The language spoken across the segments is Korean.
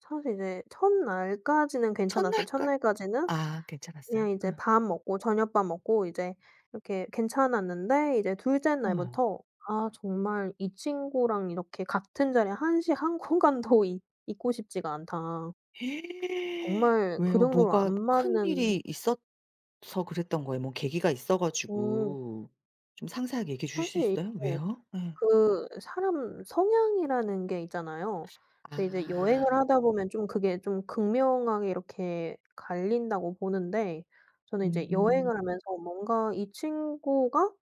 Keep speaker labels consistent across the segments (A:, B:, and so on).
A: 사실 이제 1 날까지는 괜찮았어요. 1
B: 첫날까
A: 날까지는
B: 아 괜찮았어요?
A: 그냥 이제 밥 먹고 저녁밥 먹고 이제 이렇게 괜찮았는데 이제 2 째
B: 어.
A: 날부터 아 정말 이 친구랑 이렇게 같은 자리에 한시 한 공간도 있 있고 싶지가 않다. 정말 그
B: 왜요?
A: 정도로 안
B: 뭐가
A: 맞는
B: 큰일이 있었 서 그랬던 거예요? 뭐 계기가 있어
A: 어.
B: 가지고. 좀 상세하게 얘기해 주실 수
A: 사실
B: 있어요?
A: 이게
B: 왜요? 예.
A: 그 사람 성향이라는 게 있잖아요. 근데 이제
B: 아.
A: 여행을 하다 보면 좀 그게 좀 극명하게 이렇게 갈린다고 보는데 저는 이제
B: 음.
A: 여행을 하면서 뭔가 이 친구가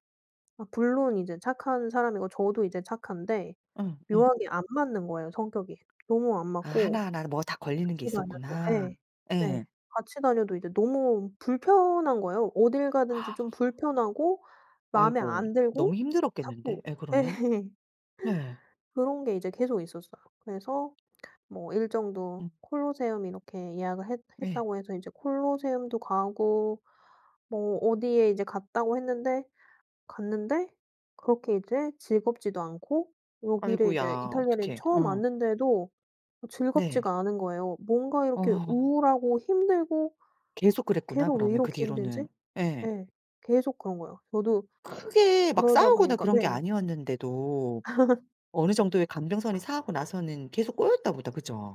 A: 아 물론 이제 착한 사람이고 저도 이제 착한데
B: 예 예.
A: 묘하게 안 맞는 거예요, 성격이. 너무 안
B: 아.
A: 맞고.
B: 하나하나 뭐 다 걸리는
A: 같이
B: 게
A: 다녀도
B: 있었구나.
A: 예 네
B: 예.
A: 같이 다녀도 이제 너무 불편한 거예요. 어딜 가든지 좀 불편하고 마음에
B: 아이고.
A: 안
B: 너무
A: 들고
B: 힘들었겠는데
A: 자꾸
B: 예
A: 예
B: 그러면. 네.
A: 그런 게 이제 계속 있었어요. 그래서 뭐 일정도
B: 음.
A: 콜로세움 이렇게 예약을 했
B: 예.
A: 했다고 해서 이제 콜로세움도 가고 뭐 어디에 이제 갔다고 했는데 갔는데 그렇게 이제 즐겁지도 않고 여기를 이제
B: 아이고야
A: 이탈리아를
B: 어떡해.
A: 처음
B: 어.
A: 왔는데도
B: 네.
A: 즐겁지가 않은 거예요. 뭔가 이렇게
B: 어.
A: 우울하고 힘들고
B: 계속 그랬구나,
A: '계속 왜
B: 그러면 그
A: 이렇게
B: 뒤로는.
A: 힘들지?'
B: 예.
A: 예 계속 그런 거예요. 저도
B: 크게 막
A: 그러다
B: 싸우거나
A: 보니까
B: 그런 게
A: 네.
B: 아니었는데도 어느정도의 감정선이 상하고 나서는 계속 꼬였나 보다. 그죠?